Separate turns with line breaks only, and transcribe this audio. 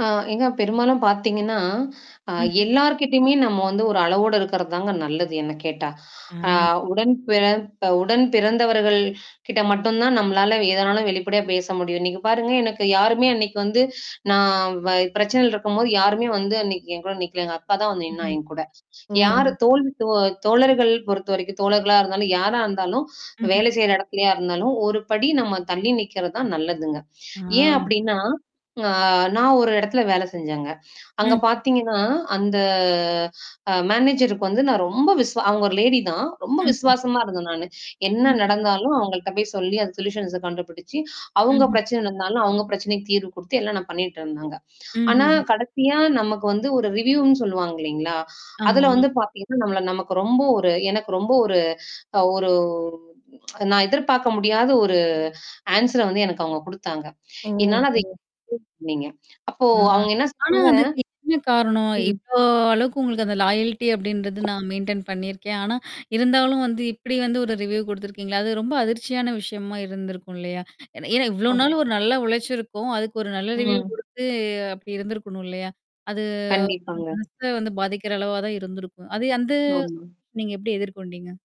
ஆ ஏங்க பெரும்பாலும் பாத்தீங்கன்னா, அ
ம்ஹ்ம்.
எல்லார்கிட்டயுமே நம்ம வந்து ஒரு அளவோடு இருக்கிறது தாங்க நல்லது என்ன கேட்டா. அ
அ.
உடன் பிறத்த உடன் பிறந்தவர்கள் கிட்ட மட்டும் தான் நம்மளால எதனாலும் வெளிப்படையா பேச முடியும். நீங்க பாருங்க எனக்கு யாருமே அன்னைக்கு வந்து நான் வ பிரச்சனைல இருக்கும்போது, யாருமே வந்து அன்னைக்கு என் கூட நிக்கலங்க, அக்கா தான் வந்து நின்னா
ம்ஹ்ம்.
என் கூட. யார்
ஓ!
தோழி தோ தோழர்கள் பொறுத்தவரைக்கும் தோழர்களா இருந்தாலும் யாரா இருந்தாலும்,
ம்ஹ்ம்.
வேலை செய்ற இடத்துலயா இருந்தாலும், ஒரு படி நம்ம தள்ளி நிக்கிறது தான் நல்லதுங்க. ஏன்
ஆ.
அப்படின்னா, அ நான் ஒரு இடத்துல வேலை செஞ்சேங்க. அங்க
ம்ஹ்ம்.
பாத்தீங்கன்னா, அந்த அ மேனேஜருக்கு வந்து நான் ரொம்ப விஸ் அவங்க ஒரு லேடி தான். ரொம்ப
ம்ஹ்ம்.
விஸ்வாசமா இருந்தேன் நானு, என்ன
ம்ஹ்ம்.
நடந்தாலும் அவங்கள்ட்ட போய் சொல்லி அது சொல்யூஷன்ஸ கண்டுபிடிச்சு, அவங்க
ம்ஹ்ம்.
பிரச்சனை நடந்தாலும், அவங்க பிரச்சனைக்கு தீர்வு குடுத்து எல்லாம் நான் பண்ணிட்டு இருந்தேங்க. ஆனா
ம்ஹ்ஹ்ம்.
கடைசியா நமக்கு வந்து ஒரு ரிவ்யூன்னு சொல்லுவாங்க இல்லைங்களா? அதுல
ஆமா.
வந்து பாத்தீங்கன்னா, நம்மள நமக்கு ரொம்ப ஒரு எனக்கு ரொம்ப ஒரு அ ஒரு நான் எதிர்பாக்க முடியாத ஒரு ஆன்சர வந்து எனக்கு அவங்க குடுத்தாங்க. என்னால [unintelligible]
ஓஹோ!
அப்போ
அ.
அவுங்க என்ன
ஆனா,
சொல்றாங்க?
அதுக்கு என்ன காரணம்?
ம்.
இவ்ளோ அளவுக்கு உங்களுக்கு அந்த லாயால்டி அப்டின்றது, நான் மெயின்டெயின் பண்ணியிருக்கேன். ஆனா இருந்தாலும் வந்து இப்படி வந்து ஒரு ரிவ்யூ குடுத்துருக்கீங்களே? அது ரொம்ப அதிர்ச்சியான விஷயமா இருந்திருக்கும் இல்லையா? ஏன்னா இவ்வளோ
ஹா.
நாள் ஒரு நல்ல உழைச்சிருக்கும். அதுக்கு ஒரு நல்ல ரிவ்யூ
ம்.
குடுத்து, அப்படி இருந்திருக்கணும் இல்லையா? அது அந்த
கண்டிப்பாங்க.
மனச வந்து பாதிக்கிற அளவா தான் இருந்திருக்கும். அது வந்து
ஆமா.
நீங்க எப்படி எதிர்கொண்டீங்க?